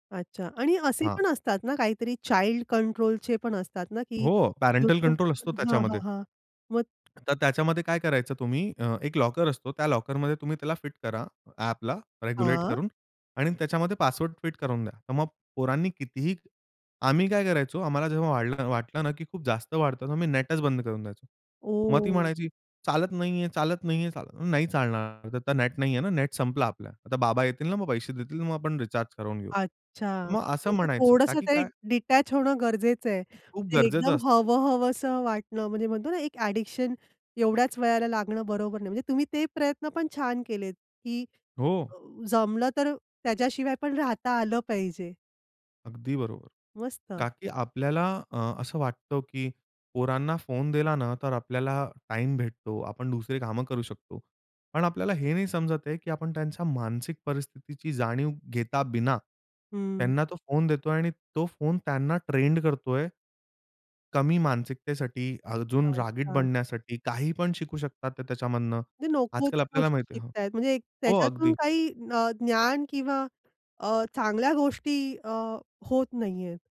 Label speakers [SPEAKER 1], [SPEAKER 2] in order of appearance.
[SPEAKER 1] अच्छा, आणि असे
[SPEAKER 2] हां.
[SPEAKER 1] पण असतात ना काहीतरी चाईल्ड कंट्रोलचे पण असतात ना, की
[SPEAKER 2] हो, पॅरेंटल
[SPEAKER 1] YouTube
[SPEAKER 2] कंट्रोल असतो
[SPEAKER 1] हां, हां,
[SPEAKER 2] त्याच्यामध्ये.
[SPEAKER 1] हां. मग
[SPEAKER 2] तर त्याच्यामध्ये काय करायचं तुम्ही अ, एक लॉकर असतो त्या लॉकरमध्ये तुम्ही त्याला फिट करा ॲपला रेग्युलेट
[SPEAKER 1] हां.
[SPEAKER 2] करून आणि त्याच्यामध्ये पासवर्ड फिट करून द्या. तर मग पोरांनी कितीही आम्ही काय करायचो आम्हाला जेव्हा वाटलं ना, की खूप जास्त वाढतं, तेव्हा मी नेटच बंद करून द्यायचो. मग ती
[SPEAKER 1] ओह!
[SPEAKER 2] म्हणायची, "चालत नाहीये, चालत नाहीये, चाल नाही चालणार, आता नेट नाहीये ना, नेट संपला आपला आता बाबा येतील ना, मग पैसे देतील मग आपण रिचार्ज करवून घेऊ."
[SPEAKER 1] अच्छा.
[SPEAKER 2] मग असं
[SPEAKER 1] म्हणजे
[SPEAKER 2] म्हणायचं का,
[SPEAKER 1] थोडंसं
[SPEAKER 2] की
[SPEAKER 1] ते
[SPEAKER 2] काय
[SPEAKER 1] डिटॅच होणं गरजेचं आहे.
[SPEAKER 2] खूप
[SPEAKER 1] ते
[SPEAKER 2] गरजेचं
[SPEAKER 1] एकदम
[SPEAKER 2] असतं.
[SPEAKER 1] हवहवसं वाटणं म्हणजे म्हणतो ना, एक ॲडिक्शन एवढ्याच वयाला लागणं बरोबर नाही. म्हणजे तुम्ही ते प्रयत्न पण छान केलेत, की
[SPEAKER 2] हो.
[SPEAKER 1] अ, जमलं तर त्याच्याशिवाय पण राहता आलं पाहिजे.
[SPEAKER 2] अगदी बरोबर.
[SPEAKER 1] मस्त.
[SPEAKER 2] का की आपल्याला अ, असं वाटतं, की पोरांना फोन दिला ना, तर आपल्याला टाईम भेटतो. आपण दुसरी काम करू शकतो. पण आपल्याला हे नाही समजत आहे, की आपण त्यांच्या मानसिक परिस्थितीची जाणीव घेता बिना,
[SPEAKER 1] हं.
[SPEAKER 2] त्यांना तो फोन देतोय आणि तो फोन त्यांना ट्रेंड करतोय. कमी मानसिकतेसाठी अजून रागीट
[SPEAKER 1] अच्छा.
[SPEAKER 2] बनण्यासाठी काही पण शिकू शकतात ते त्याच्यामधनं.
[SPEAKER 1] ते नको
[SPEAKER 2] आजकाल
[SPEAKER 1] त्या
[SPEAKER 2] आपल्याला
[SPEAKER 1] गोष्टी
[SPEAKER 2] माहिती आहे
[SPEAKER 1] शिकत आहेत म्हणजे
[SPEAKER 2] हो,
[SPEAKER 1] त्याच्यातून
[SPEAKER 2] अगदी.
[SPEAKER 1] काही अ, ज्ञान किंवा अ, चांगल्या गोष्टी अ, होत नाही आहेत.